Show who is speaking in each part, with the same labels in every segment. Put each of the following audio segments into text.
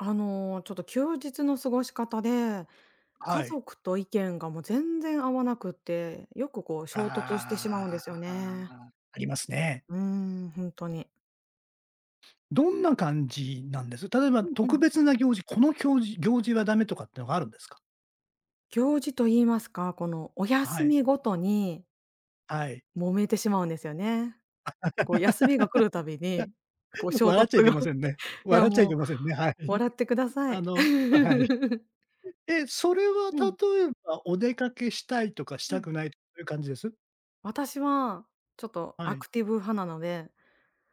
Speaker 1: あの、ちょっと休日の過ごし方で
Speaker 2: は
Speaker 1: 家
Speaker 2: い。
Speaker 1: 族と意見が、もう、全然合わなくって、よく、こう、衝突して
Speaker 2: あ
Speaker 1: しまうんですよね。
Speaker 2: あ、ありますね。
Speaker 1: うん、本当に。
Speaker 2: どんな感じなんです？例えば、
Speaker 1: うんう
Speaker 2: 特
Speaker 1: ん。
Speaker 2: 別な行事この、きょうじ行事はダメとかっていうのがあるんですか？
Speaker 1: 行事と言いますか、この、お
Speaker 2: は
Speaker 1: 休
Speaker 2: い。
Speaker 1: みごとに
Speaker 2: はい。
Speaker 1: 揉めてしまうんですよね。こう、休みが来るたびに、こう 衝
Speaker 2: 笑っ
Speaker 1: 突
Speaker 2: ちゃいけ
Speaker 1: が、
Speaker 2: ませんね。
Speaker 1: いや、
Speaker 2: 笑っちゃい
Speaker 1: もう、
Speaker 2: けませんね、はい。
Speaker 1: 笑ってくださ
Speaker 2: あ
Speaker 1: い。
Speaker 2: の、はい。え、それは、
Speaker 1: うん。
Speaker 2: 例えば、お出かけしたいとかし
Speaker 1: う
Speaker 2: た
Speaker 1: ん。
Speaker 2: くないとかそういう感じです？
Speaker 1: 私はちょっと
Speaker 2: は
Speaker 1: ア
Speaker 2: い。
Speaker 1: クティブ派なので。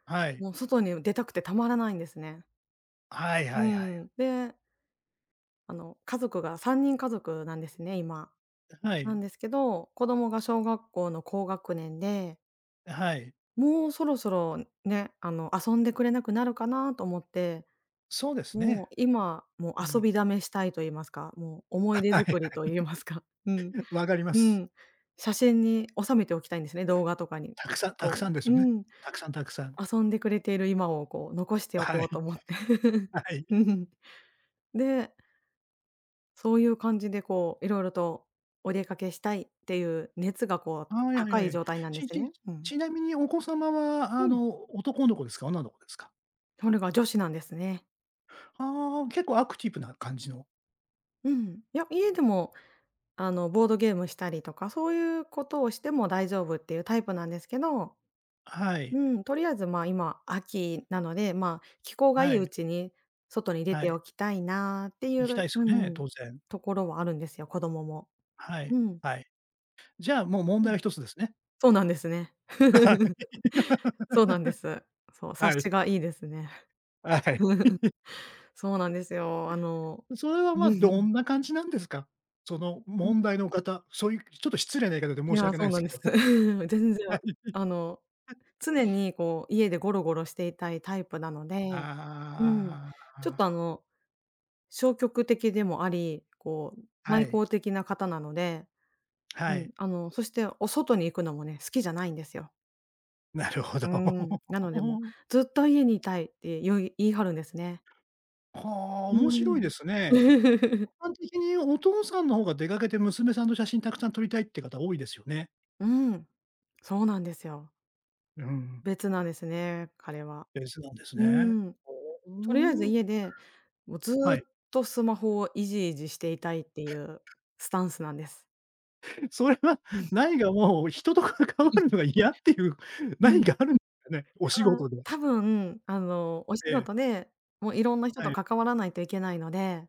Speaker 2: はい。
Speaker 1: もう、外に出たくてたまらないんですね。
Speaker 2: はいは
Speaker 1: う
Speaker 2: いはい。
Speaker 1: ん、であの、家族が3人家族なんですね、今。
Speaker 2: あ、は
Speaker 1: な
Speaker 2: い。
Speaker 1: んですけど、子供が小学校の高学年で
Speaker 2: はい。
Speaker 1: もう、そろそろね。あの、遊んでくれなくなるかなと思って。
Speaker 2: そうです
Speaker 1: も
Speaker 2: ね。
Speaker 1: う、今、もう、
Speaker 2: う
Speaker 1: 遊
Speaker 2: ん。
Speaker 1: びだめしたいといいますか、もう、思い出
Speaker 2: はいは
Speaker 1: づ
Speaker 2: い。
Speaker 1: くりといいますか。うん
Speaker 2: 分かりま
Speaker 1: う
Speaker 2: す。
Speaker 1: ん。写真に収めておきたいんですね、動画とかに、
Speaker 2: たくさんたく
Speaker 1: こ
Speaker 2: さんです
Speaker 1: うう
Speaker 2: よね。
Speaker 1: ん。
Speaker 2: たくさんたくさん。
Speaker 1: 遊んでくれている今を、こう、残してお
Speaker 2: は
Speaker 1: こうと
Speaker 2: い。
Speaker 1: 思って。
Speaker 2: は い。
Speaker 1: うん。でそういう感じで、こう、色々とお出かけしたいっていう熱が、こう、
Speaker 2: はい。はいは
Speaker 1: 高
Speaker 2: い
Speaker 1: い
Speaker 2: はい。
Speaker 1: 状態なんで
Speaker 2: ち
Speaker 1: す
Speaker 2: ち
Speaker 1: ね。うん。
Speaker 2: ちなみにお子様は、
Speaker 1: う
Speaker 2: あ
Speaker 1: ん。
Speaker 2: の、男の子ですか？女の子ですか？
Speaker 1: それが女子なんですね。
Speaker 2: ああ、結構アクティブな感じの。
Speaker 1: うん。いや、家でも、あの、ボードゲームしたりとか、そういうことをしても大丈夫っていうタイプなんですけど。
Speaker 2: はい。
Speaker 1: うん。とりあえず、まあ、今、秋なので、まあ、気候がい
Speaker 2: は
Speaker 1: いう
Speaker 2: い。
Speaker 1: ちに外に出
Speaker 2: は
Speaker 1: て
Speaker 2: い。
Speaker 1: おきたいなってい
Speaker 2: 行きた
Speaker 1: う
Speaker 2: いです
Speaker 1: う
Speaker 2: よね、
Speaker 1: ん。
Speaker 2: 当然。
Speaker 1: ところはあるんですよ、子供も。
Speaker 2: はい、
Speaker 1: うん。
Speaker 2: はい。じゃ、もう、問
Speaker 1: う
Speaker 2: 題
Speaker 1: ん。
Speaker 2: は1つですね。
Speaker 1: そうなんですね。
Speaker 2: はい。
Speaker 1: そうなんで す。そう、察
Speaker 2: はい。
Speaker 1: しがいいですね。
Speaker 2: はい。
Speaker 1: そうなんですよ。あの
Speaker 2: それは、ま
Speaker 1: う
Speaker 2: あ、ど
Speaker 1: ん。
Speaker 2: んな感じなんですか？その、
Speaker 1: うん。
Speaker 2: 問題の方、そういうちょっと失礼な言い方で
Speaker 1: い
Speaker 2: 申し
Speaker 1: や、
Speaker 2: 訳
Speaker 1: そ
Speaker 2: ない
Speaker 1: う
Speaker 2: んで
Speaker 1: な
Speaker 2: す
Speaker 1: ん
Speaker 2: け
Speaker 1: です。
Speaker 2: ども。
Speaker 1: 全然
Speaker 2: はい
Speaker 1: あの、
Speaker 2: は。
Speaker 1: 常に、こう、家でゴロゴロしていたいタイプなのでうん。
Speaker 2: ああ。
Speaker 1: ちょっと、あ
Speaker 2: ああ。
Speaker 1: の、消極的でもあり、こう、
Speaker 2: は
Speaker 1: 内
Speaker 2: い。
Speaker 1: 向的な方なので、う
Speaker 2: はい。
Speaker 1: ん。あの、そしてお外に行くのもね、好きじゃないんですよ。
Speaker 2: なるほど。
Speaker 1: うーん、なので、もう「ずっと家にいたい」って言う言い張るんですね。
Speaker 2: はあ、
Speaker 1: う
Speaker 2: 面
Speaker 1: ー
Speaker 2: 白いですね。
Speaker 1: ん。
Speaker 2: 一般的にお父さんの方が出かけて娘さんの写真たくさん撮りたいっていう方多いですよね。
Speaker 1: うーん。そうなんですよ。
Speaker 2: うん。
Speaker 1: 別なんですね、彼は。
Speaker 2: 別なんです
Speaker 1: うー
Speaker 2: ね。
Speaker 1: ん。
Speaker 2: ほお、
Speaker 1: とりあえず
Speaker 2: うん。
Speaker 1: 家で、もう、ず
Speaker 2: は
Speaker 1: っ
Speaker 2: い。
Speaker 1: とスマホをいじいじしていたいっていうスタンスなんです。
Speaker 2: それは、
Speaker 1: うん。
Speaker 2: ないが、もう、人と関
Speaker 1: は
Speaker 2: わ
Speaker 1: い。
Speaker 2: るのが嫌っていう、
Speaker 1: う
Speaker 2: なに
Speaker 1: ん。
Speaker 2: か、あるんですかね？お仕
Speaker 1: ああ。
Speaker 2: 事で。
Speaker 1: 多分、あの、お仕
Speaker 2: ええ。
Speaker 1: 事で、もう、いろんな人
Speaker 2: は
Speaker 1: と
Speaker 2: い。
Speaker 1: 関わらないといけないので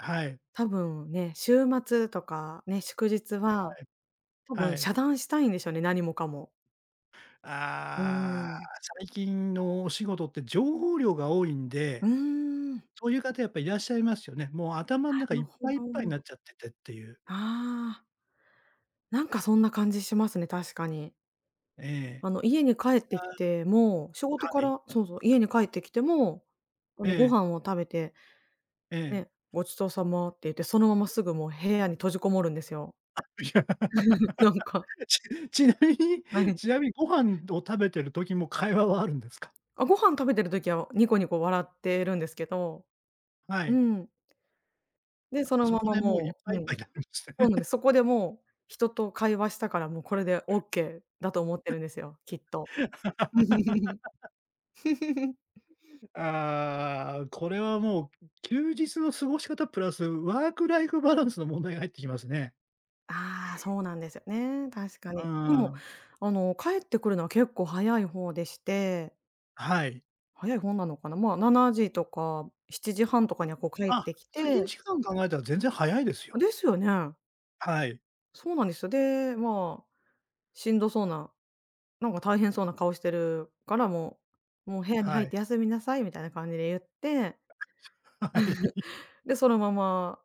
Speaker 2: はい。
Speaker 1: 多分、ね、週末とか、ね、祝日
Speaker 2: は
Speaker 1: は、
Speaker 2: い。
Speaker 1: 多
Speaker 2: は
Speaker 1: 分、
Speaker 2: い。
Speaker 1: 遮断したいんでしょうね、何もかも。うー
Speaker 2: ああ、
Speaker 1: ん。
Speaker 2: 最近のお仕事って情報量が多いん
Speaker 1: う
Speaker 2: で、
Speaker 1: ーん。
Speaker 2: そういう方やっぱいらっしゃいますよね。もう、頭の
Speaker 1: な
Speaker 2: 中い
Speaker 1: る
Speaker 2: っ
Speaker 1: ほ
Speaker 2: ぱいいっぱいにな
Speaker 1: ど。
Speaker 2: っちゃってて、っていう。
Speaker 1: ああ。なんかそんな感じしますね、確かに。
Speaker 2: ええ。
Speaker 1: あの、家に帰っ
Speaker 2: あ
Speaker 1: てきても、仕事
Speaker 2: あ。
Speaker 1: か
Speaker 2: はい。
Speaker 1: らそうそう。家に帰ってきても、あ
Speaker 2: え
Speaker 1: の、ご
Speaker 2: え。
Speaker 1: 飯を食べて、
Speaker 2: ええ。
Speaker 1: ね。「ごちそうさま」って言って、そのまますぐ、もう、部屋に閉じこもるんですよ。
Speaker 2: あ。いや、
Speaker 1: なんか。
Speaker 2: ちちなみに
Speaker 1: はい。
Speaker 2: ちなみにご飯を食べている時も会話はあるんですか？
Speaker 1: あ、ご飯食べてる時は、ニコニコ笑ってるんですけど。
Speaker 2: は
Speaker 1: う
Speaker 2: い。
Speaker 1: ん。で、その
Speaker 2: そ
Speaker 1: ま
Speaker 2: こ
Speaker 1: ま、
Speaker 2: で、もう、いっ
Speaker 1: も
Speaker 2: ぱ
Speaker 1: う
Speaker 2: いい
Speaker 1: う
Speaker 2: っぱ
Speaker 1: ん。
Speaker 2: いになるんです
Speaker 1: そう
Speaker 2: ね。
Speaker 1: なんです。そこで、もう、人と会話したから、もうこれでオッケーだと思ってるんですよ、きっと。
Speaker 2: ああ、これは、もう、う休日の過ごし方プラス、ワークライフバランスの問題が入ってきますね。
Speaker 1: ああ、そうなんですよね。確か
Speaker 2: う
Speaker 1: に。で
Speaker 2: ー
Speaker 1: も、
Speaker 2: ん。
Speaker 1: あの、帰ってくるのは結構早い方でして
Speaker 2: はい。
Speaker 1: 早い方なのかな。ま、7時とか7時30分とかには、こう、帰っ
Speaker 2: あ、
Speaker 1: てき
Speaker 2: 通勤
Speaker 1: て
Speaker 2: 時間考えたら全然早いですよ。
Speaker 1: ですよね。
Speaker 2: はい。
Speaker 1: そうなんですよ。で、まあ、しんどそうな、なんか、大変そうな顔してるから、もう、「もう、部屋に
Speaker 2: は
Speaker 1: 入っ
Speaker 2: い。
Speaker 1: て休みなさい」みたいな感じで言って、
Speaker 2: はい。
Speaker 1: で、そのまま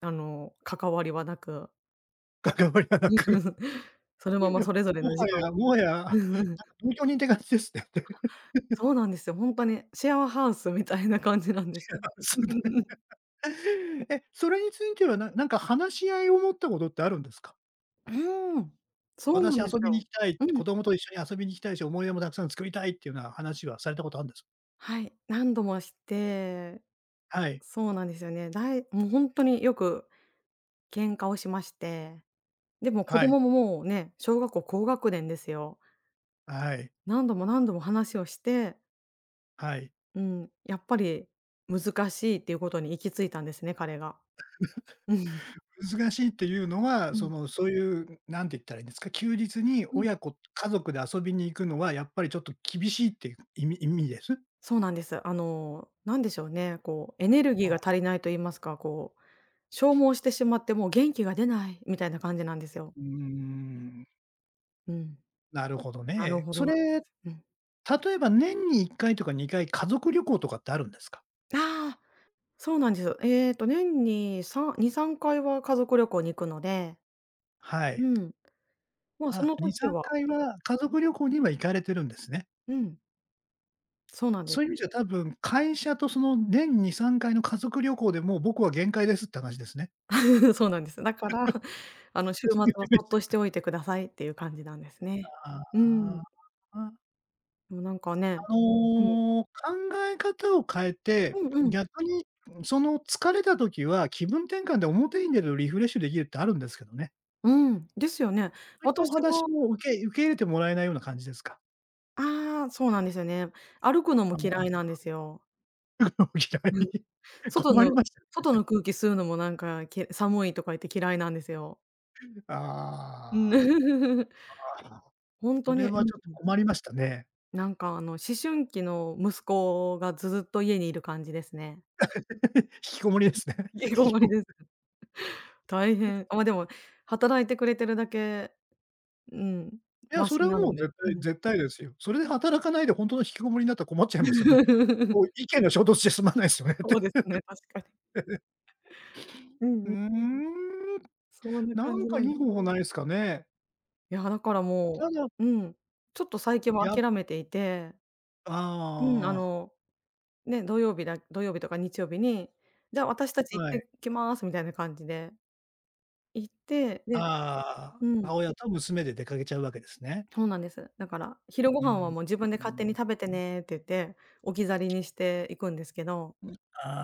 Speaker 1: あの、関わりはなく
Speaker 2: 関わりはなく。
Speaker 1: その
Speaker 2: い
Speaker 1: ま
Speaker 2: やい
Speaker 1: ま
Speaker 2: や。
Speaker 1: それぞれ
Speaker 2: も
Speaker 1: の時
Speaker 2: は
Speaker 1: 間。
Speaker 2: やもはや、なんか、同居人て感じですね。
Speaker 1: そうなんですよ、本当にシェアハウスみたいな感じなんです
Speaker 2: シェア
Speaker 1: よ。
Speaker 2: ハウスね。え、それについては、ななんか話し合いを持ったことってあるんですか？
Speaker 1: うーん。そうな
Speaker 2: 私
Speaker 1: んです
Speaker 2: 遊びに行
Speaker 1: よ。
Speaker 2: きたい、
Speaker 1: うん。
Speaker 2: 子供と一緒に遊びに行きたいし、思い出もたくさん作りたい、っていうような話はされたことあるんです？
Speaker 1: はい。何度もして
Speaker 2: はい。
Speaker 1: そうなんですよね。だいもう、本当によく喧嘩をしまして、でも子
Speaker 2: はい。
Speaker 1: 供も、もうね、小学校高学年ですよ。
Speaker 2: はい。
Speaker 1: 何度も何度も話をして
Speaker 2: はい。
Speaker 1: うん。やっぱり難しいっていうことに行き着いたんですね、彼が。うん。
Speaker 2: 難しいっていうのは、
Speaker 1: う
Speaker 2: そ
Speaker 1: ん。
Speaker 2: の、そういう、なんて言ったらいいんですか、休日に
Speaker 1: うん。
Speaker 2: 親子家族で遊びに行くのはやっぱりちょっと厳しいっていう意味意味です？
Speaker 1: そうなんです。あの、なんでしょうね。こう、エネルギー
Speaker 2: ああ。
Speaker 1: が足りないといいますか、こう、消耗してしまって、もう、元気が出ない、みたいな感じなんですよ。
Speaker 2: うーん。
Speaker 1: うん。
Speaker 2: なるほど
Speaker 1: なる
Speaker 2: ね。
Speaker 1: ほ
Speaker 2: そ
Speaker 1: どなんで
Speaker 2: れ、
Speaker 1: す。うん。
Speaker 2: 例えば、年に1回とか2回家族旅行とかってあるんですか？
Speaker 1: ああ、そうなんです。えっと、年に32、3回は家族旅行に行くので
Speaker 2: はい。
Speaker 1: うん。ま、そ
Speaker 2: あ、
Speaker 1: の
Speaker 2: にさ
Speaker 1: 時
Speaker 2: ん
Speaker 1: は
Speaker 2: かい
Speaker 1: うん。
Speaker 2: は家族旅行には行かれてるんですね？
Speaker 1: うん。そうなんです。
Speaker 2: そういう意味じゃ多分、会社とその年2、3回の家族旅行で、もう、僕は限界ですって話ですね？
Speaker 1: そうなんです。だから、あ の、週末はそっとし
Speaker 2: [unintelligible]
Speaker 1: ておいてくださいっていう感じなんですね。
Speaker 2: あ
Speaker 1: う
Speaker 2: あ。
Speaker 1: ん。
Speaker 2: ああ。あ。
Speaker 1: もう、なんかね、
Speaker 2: あ
Speaker 1: うん。
Speaker 2: の、考え方を変えて、
Speaker 1: うんうん。
Speaker 2: 逆に、その、疲れた時は気分転換で表に出る、リフレッシュできるってあるんですけどね。
Speaker 1: うん、ですよね。
Speaker 2: そういったお
Speaker 1: 私も
Speaker 2: 話も受け受け入れてもらえないような感じですか？
Speaker 1: ああ、そうなんですよね。歩くの
Speaker 2: あ
Speaker 1: も
Speaker 2: ああ
Speaker 1: 嫌いなんで
Speaker 2: あ。
Speaker 1: すよ。
Speaker 2: のも、嫌
Speaker 1: うん。
Speaker 2: い。
Speaker 1: 外
Speaker 2: 困り
Speaker 1: の
Speaker 2: ました
Speaker 1: 外
Speaker 2: ね。
Speaker 1: の空気吸うのもなんか、け「寒い」とか言って嫌いなんですよ。うん。
Speaker 2: ああ。ああ、
Speaker 1: 本
Speaker 2: そ
Speaker 1: 当
Speaker 2: れ
Speaker 1: に、う
Speaker 2: は
Speaker 1: ん
Speaker 2: ちょっと
Speaker 1: うん。
Speaker 2: 困りましたね。
Speaker 1: なんか、あの、思春期の息子がずっと家にいる感じですね。
Speaker 2: 引きこもりで
Speaker 1: うん
Speaker 2: すね。
Speaker 1: うん。引
Speaker 2: 引
Speaker 1: きこ
Speaker 2: き
Speaker 1: も
Speaker 2: こ
Speaker 1: り
Speaker 2: も
Speaker 1: です。
Speaker 2: り。
Speaker 1: 大変、あでも、働いてくれてるだけ、うん。
Speaker 2: いや、
Speaker 1: マ
Speaker 2: そ
Speaker 1: シ
Speaker 2: れは、
Speaker 1: な
Speaker 2: も
Speaker 1: の
Speaker 2: う、
Speaker 1: で、
Speaker 2: 絶
Speaker 1: う
Speaker 2: 対
Speaker 1: ん。
Speaker 2: 絶対ですよ。それで働かないで本当の引きこもりになったら困っちゃいますよね。こう、意見が衝突じゃすまないですよね。
Speaker 1: そう ですね、確かに。う ん
Speaker 2: うー
Speaker 1: うん。
Speaker 2: ん、
Speaker 1: そんな
Speaker 2: な
Speaker 1: 感
Speaker 2: ん
Speaker 1: じ
Speaker 2: か
Speaker 1: な
Speaker 2: い
Speaker 1: んで
Speaker 2: い方法ないすかね。
Speaker 1: いや、だから、も
Speaker 2: その
Speaker 1: ううん。ちょっと最近は
Speaker 2: や
Speaker 1: 諦めていて。うん。あ
Speaker 2: ああ。
Speaker 1: のね、土曜日だ土曜日とか日曜日に「じゃ、私たち行っ
Speaker 2: はい。
Speaker 1: てきます」みたいな感じで。行って、で
Speaker 2: ああ、
Speaker 1: うん。
Speaker 2: 母親と娘で出かけちゃうわけですね？
Speaker 1: そうなんです。だから、昼ご
Speaker 2: う
Speaker 1: 飯は、
Speaker 2: ん。
Speaker 1: もう「自分で
Speaker 2: う
Speaker 1: 勝手に
Speaker 2: ん。
Speaker 1: 食べて
Speaker 2: うん。
Speaker 1: ね」って言って、置き去りにしていくんですけど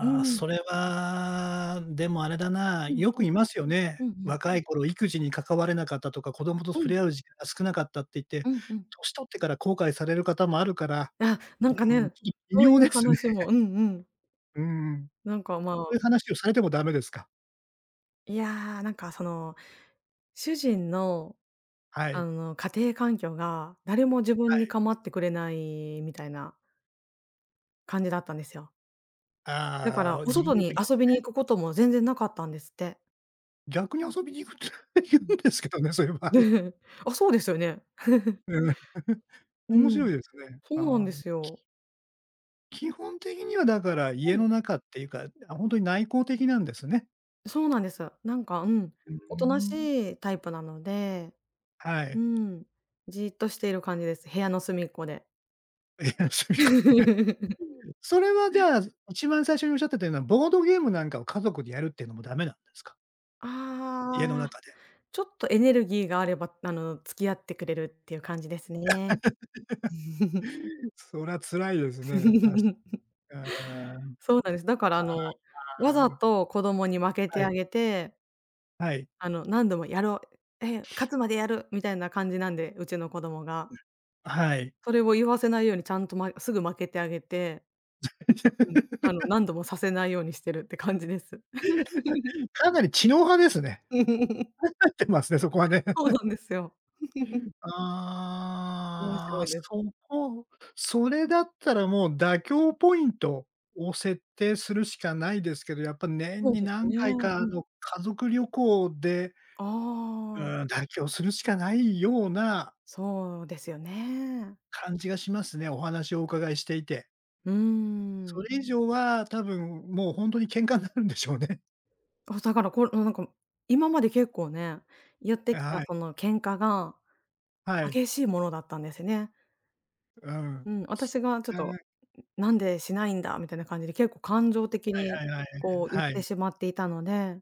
Speaker 1: う
Speaker 2: あ、
Speaker 1: ん。
Speaker 2: それは、でも、あれだな。
Speaker 1: うん。
Speaker 2: よ
Speaker 1: は
Speaker 2: く
Speaker 1: い。
Speaker 2: いますよね。
Speaker 1: うんうん。
Speaker 2: 若い頃育児に関われなかったとか、子供と
Speaker 1: う
Speaker 2: 触
Speaker 1: ん。
Speaker 2: れ合う時間が少なかったって言って、
Speaker 1: うんうん。
Speaker 2: 年取ってから後悔される方もあるから、
Speaker 1: あ、なんか
Speaker 2: うーん、
Speaker 1: ね。
Speaker 2: ちょ、微
Speaker 1: そうい
Speaker 2: 妙
Speaker 1: う
Speaker 2: ですね。
Speaker 1: 話もうんうん。
Speaker 2: うーん。
Speaker 1: なんか、ま
Speaker 2: そ
Speaker 1: あ
Speaker 2: ういう話をされてもダメですか？
Speaker 1: いや、なんか、その、主人の、
Speaker 2: は
Speaker 1: あ
Speaker 2: い。
Speaker 1: の、家庭環境が誰も自
Speaker 2: は
Speaker 1: 分に
Speaker 2: い。
Speaker 1: 構ってくれないみたいな感じだったんですよ。だか
Speaker 2: ああ、
Speaker 1: ら、
Speaker 2: う
Speaker 1: お
Speaker 2: 自分
Speaker 1: 外
Speaker 2: の時
Speaker 1: に
Speaker 2: はで
Speaker 1: 遊
Speaker 2: す
Speaker 1: びに
Speaker 2: ね。
Speaker 1: 行くことも全然なかったんですって。
Speaker 2: 逆に遊びに行くって言
Speaker 1: う
Speaker 2: う
Speaker 1: ん。
Speaker 2: んですけどね、そういう場合。
Speaker 1: あ、そうですよね。
Speaker 2: うん。
Speaker 1: う
Speaker 2: 面白い
Speaker 1: ん。
Speaker 2: ですね。
Speaker 1: そうなんで
Speaker 2: あ。
Speaker 1: すよ。
Speaker 2: 基本的には、だから、
Speaker 1: は
Speaker 2: 家
Speaker 1: い。
Speaker 2: の中っていうかあ、本当に内向的なんですね。
Speaker 1: そうなんです。なんか、うん。
Speaker 2: うー
Speaker 1: おとな
Speaker 2: ん。
Speaker 1: しいタイプなので。
Speaker 2: は
Speaker 1: う
Speaker 2: い。
Speaker 1: ん。じーっとしている感じです。部屋の隅っこで。
Speaker 2: 部屋の隅っこでね。うーん。それは、じゃ、一番最初におっしゃってたような、ボードゲームなんかを家族でやるっていうのもダメなんですか？家の
Speaker 1: ああ、
Speaker 2: 中で。
Speaker 1: ちょっとエネルギーがあれば、あの、付き合ってくれるっていう感じですね。
Speaker 2: そら辛いですね。確 か。あ
Speaker 1: そうなんです。だから、あの、わ
Speaker 2: あ。ああ。う
Speaker 1: ざ
Speaker 2: ん。
Speaker 1: と子供に負け
Speaker 2: は
Speaker 1: て
Speaker 2: い。
Speaker 1: あげて
Speaker 2: はい。
Speaker 1: あの、何度もやろう。え、勝つまでやる、みたいな感じなんで、うちの子供
Speaker 2: う
Speaker 1: が。
Speaker 2: ん。はい。
Speaker 1: それを言わせないようにちゃんと、まえすぐ負けてあげてうん。あの 何度もさせないようにしてるって感じです。
Speaker 2: かなり知能派ですね。考えてますね、そこはね。
Speaker 1: そうな んですよ。面
Speaker 2: あ
Speaker 1: 白
Speaker 2: あ、
Speaker 1: いです。
Speaker 2: そこそれだったら、もう、妥協ポイントを設定するしかないですけど、やっぱ、年
Speaker 1: そう
Speaker 2: に
Speaker 1: です
Speaker 2: 何
Speaker 1: ね。
Speaker 2: 回
Speaker 1: う
Speaker 2: か、あ
Speaker 1: ん。
Speaker 2: の、家族旅行でう
Speaker 1: ああ。
Speaker 2: ーん、妥協するしかないような
Speaker 1: そうですよね。
Speaker 2: 感じがしますね。お話をお伺いしていて。
Speaker 1: うー
Speaker 2: そ
Speaker 1: ん。
Speaker 2: れ以上は、多分、もう、本当に喧嘩になるんでしょうね。
Speaker 1: あ、だから、こう、なんか、も今まで結構ね、言って
Speaker 2: あ、
Speaker 1: き
Speaker 2: は
Speaker 1: た、
Speaker 2: い。
Speaker 1: その、喧嘩が
Speaker 2: はい。
Speaker 1: 激しいものだったんですね。
Speaker 2: うん。
Speaker 1: うん、私が、ちょっと、
Speaker 2: で
Speaker 1: んん「なんでしないんだ」みたいな感じで結構感情的
Speaker 2: は
Speaker 1: に、
Speaker 2: いはいはい。
Speaker 1: こう、
Speaker 2: あ、
Speaker 1: 言っ
Speaker 2: は
Speaker 1: て
Speaker 2: い。
Speaker 1: しまっていたので、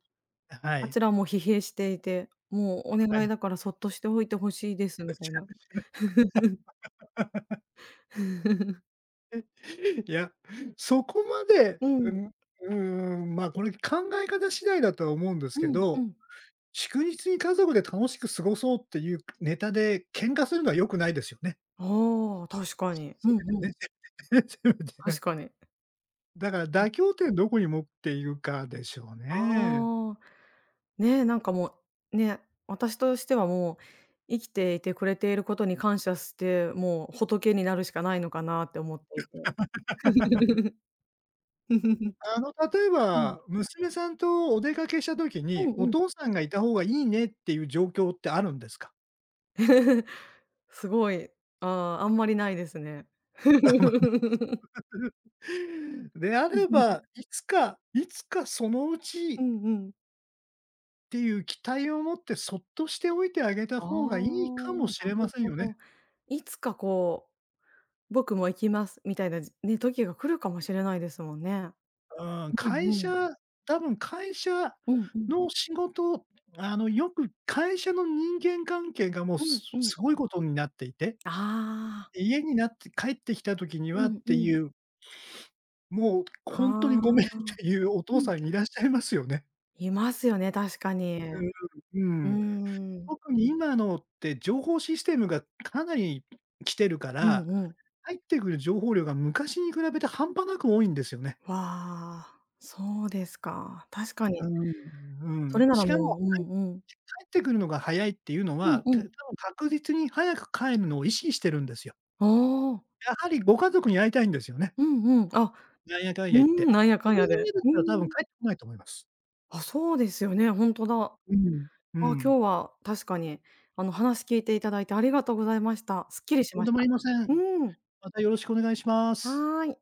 Speaker 2: あ、は
Speaker 1: あ
Speaker 2: い。
Speaker 1: ちらも疲弊していて、もう、お
Speaker 2: は
Speaker 1: 願い
Speaker 2: い。
Speaker 1: だからそっとしておいて欲しいです。みたいな。
Speaker 2: いや、そこまで、
Speaker 1: うん。
Speaker 2: んうーん、ま、これ考え方次第だとは思うんです
Speaker 1: う
Speaker 2: け
Speaker 1: んう
Speaker 2: ど、
Speaker 1: ん。
Speaker 2: 祝日に家族で楽しく過ごそうっていうネタで喧嘩するのは良くないですよね？
Speaker 1: ああ、確かに。
Speaker 2: ね、そ
Speaker 1: うんうん
Speaker 2: れはそうですね。
Speaker 1: 確かに。
Speaker 2: だから 妥協ってどこに持っているかでしょうね。
Speaker 1: ああ、ね、なんかもう、ね、私としてはもう、生きていてくれていることに感謝して、もう仏になるしかないのかなって思っていて
Speaker 2: あの、例え
Speaker 1: うん。
Speaker 2: ば、娘さんとお出かけした時
Speaker 1: う
Speaker 2: に、
Speaker 1: んう
Speaker 2: お
Speaker 1: ん。
Speaker 2: 父さんがいた方がいいねっていう状況ってあるんですか？
Speaker 1: すごい、ああ、あんまりないですね
Speaker 2: あ、まね であれば、いつかいつかそのう
Speaker 1: う
Speaker 2: ち
Speaker 1: んうん。
Speaker 2: ていう期待をもって、そっとしておいてあげた
Speaker 1: ああ、な
Speaker 2: ほうがいいかもしれま
Speaker 1: る
Speaker 2: せん
Speaker 1: ほ
Speaker 2: よね。
Speaker 1: ど。いつかこう「僕も行きます」みたいな、じね、時が来るかもしれないですもんね。
Speaker 2: うん、
Speaker 1: う
Speaker 2: 会
Speaker 1: んうん。
Speaker 2: 社多分会社
Speaker 1: うんうん。
Speaker 2: の仕事あの、よく会社の人間関係がもう
Speaker 1: う
Speaker 2: す
Speaker 1: んうん。
Speaker 2: すごいことになっていて
Speaker 1: ああ。
Speaker 2: 家になって、帰ってきた時に
Speaker 1: う
Speaker 2: はっ
Speaker 1: んう
Speaker 2: て
Speaker 1: ん。
Speaker 2: いう もう
Speaker 1: は
Speaker 2: 本当にごめんっ
Speaker 1: あ、
Speaker 2: ていうお
Speaker 1: う
Speaker 2: 父
Speaker 1: ん。
Speaker 2: さんいらっしゃいますよね。
Speaker 1: いますよね、確かに、
Speaker 2: う
Speaker 1: う
Speaker 2: ん、
Speaker 1: ー
Speaker 2: うーん、
Speaker 1: ん。
Speaker 2: 特に今のって情報システムが、かなり、来てるか
Speaker 1: う
Speaker 2: ら、
Speaker 1: んうん。
Speaker 2: 入ってくる情報量が昔に比べて半端なく多いんですよね。
Speaker 1: わ、そうですか、確かに。
Speaker 2: うんう
Speaker 1: それ
Speaker 2: ん、
Speaker 1: なら
Speaker 2: しかもは
Speaker 1: もうう
Speaker 2: い
Speaker 1: んうん。
Speaker 2: 帰ってくるのが早いっていうの
Speaker 1: うん
Speaker 2: は、
Speaker 1: う
Speaker 2: た多分
Speaker 1: ん。
Speaker 2: 確実に早く帰るのを意識してるんですよ。
Speaker 1: ああ。
Speaker 2: やはりご家族に会いたいんですよね。
Speaker 1: うんうん。あ、
Speaker 2: なんやかんや
Speaker 1: う
Speaker 2: 言っ
Speaker 1: ー
Speaker 2: て。
Speaker 1: ん、なんやかん
Speaker 2: それ
Speaker 1: や
Speaker 2: が嫌
Speaker 1: で、
Speaker 2: だっ
Speaker 1: う
Speaker 2: たら多分
Speaker 1: ん。
Speaker 2: 帰ってこないと思います。
Speaker 1: あ、そうですよね、本当だ。あ、
Speaker 2: うーん、う
Speaker 1: 今日
Speaker 2: ん。
Speaker 1: は確かに、あの話聞いていただいてありがとうございました。すっきりし
Speaker 2: とん
Speaker 1: ま
Speaker 2: で
Speaker 1: し
Speaker 2: もあ
Speaker 1: た。
Speaker 2: りませ
Speaker 1: う
Speaker 2: ん。
Speaker 1: ーん。
Speaker 2: また、よろしくお願いします。
Speaker 1: はい。